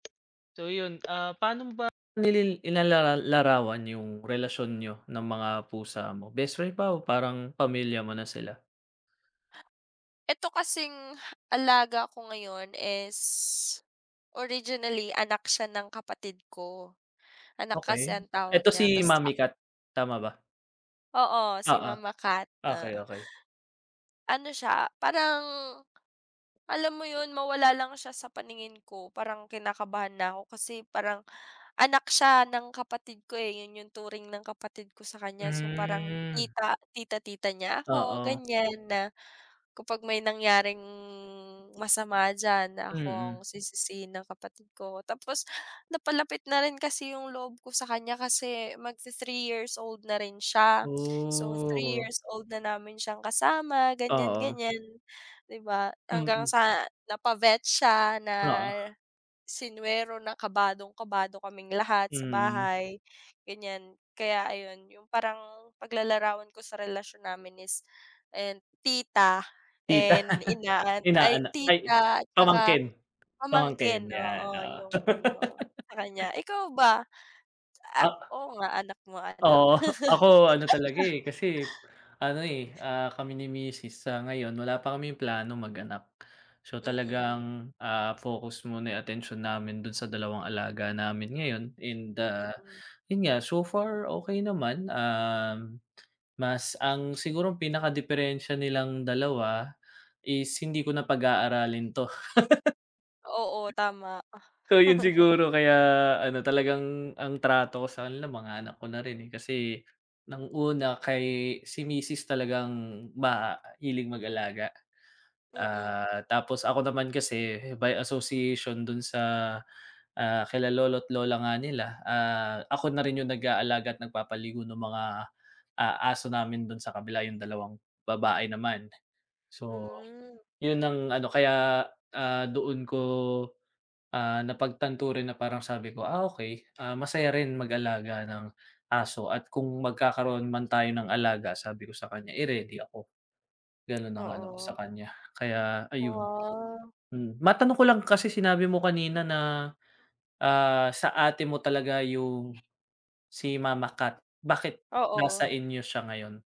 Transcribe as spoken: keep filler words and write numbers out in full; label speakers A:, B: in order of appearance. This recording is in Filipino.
A: So 'yun, ah, paano mo ba, nilil inalalal larawan 'yung relasyon niyo ng mga pusa mo, best friend ba o parang pamilya mo na sila?
B: Ito kasing alaga ko ngayon is, originally anak siya ng kapatid ko. Anak kasi
A: Okey.
B: ang tawag
A: Eto
B: niya,
A: si
B: ta's
A: mommy
B: ak
A: cat, tama ba?
B: Oo, si
A: Oo.
B: mama cat,
A: Okey,
B: ah.
A: okey.
B: Ano siya, parang, alam mo 'yun mawala lang siya sa paningin ko parang kinakabahan na ako kasi parang anak siya ng kapatid ko, eh, 'yun 'yung turing ng kapatid ko sa kanya, so parang
A: Hmm.
B: tita tita-tita niya ako
A: Oo.
B: ganiyan, na kapag may nangyaring masama diyan na ako ang
A: Mm.
B: sisisihin ng kapatid ko. Tapos, napalapit na rin kasi 'yung loob ko sa kanya kasi mag-ti-three years old na rin siya, so three
A: Ooh.
B: years old na namin siyang kasama
A: Oo.
B: ganiyan-ganiyan, 'di ba. Hanggang
A: Mm.
B: sa napa-vet siya, na
A: Oo.
B: sinuwero, na kabadong-kabado kaming lahat sa
A: Mm.
B: bahay ganiyan. Kaya ayun, 'yung parang paglalarawan ko sa relasyon namin is ayan tita
A: Tita
B: and inaan ay
A: inaana ay
B: tita tsaka
A: pamangkin pamangkin,
B: pamangkin,
A: 'yan,
B: oo
A: oo.
B: 'yung ano sa kanya. Ikaw ba? Ah,
A: Ah
B: oo nga, anak mo anak.
A: Oo, ako ano talaga, eh, kasi ano, eh, ah, kami ni misis sa ngayon wala pa kaming plano mag-anak. So
B: Mm.
A: talagang, ah, focus muna 'yung atensyon namin do'n sa dalawang alaga namin ngayon and, ah,
B: Mm.
A: 'yun nga, so far okey naman, um, mas ang sigurong pinakadiperensiya nilang dalawa is hindi ko na pag-aaralin 'to.
B: Oo, tama.
A: So 'yun siguro kaya ano talagang ang trato ko sa kanila mga anak ko na rin, eh, kasi ng una kay si misis talagang mahilig mag-alaga.
B: Mm.
A: Ah, tapos ako naman kasi may association dun sa, ah, kila lolo't lola nga nila, ah, ako na rin 'yung nag-aalaga at nagpapaligo nung mga, ah, aso namin dun sa kabila, 'yung dalawang babae naman. So
B: Hmm.
A: 'yun ang ano, kaya, ah, doon ko, ah, napagtanto rin na parang sabi ko, "Ah, okey, ah, masaya rin mag-alaga ng aso at kung magkakaroon man tayo ng alaga," sabi ko sa kanya, eh, "ready ako." Gano'n ang ano ko sa
B: Oo.
A: kanya, kaya ayun.
B: Wow.
A: Mm. Matanong ko lang kasi sinabi mo kanina na, ah, sa ate mo talaga 'yung si mama cat, bakit nasa
B: Oo.
A: inyo siya ngayon?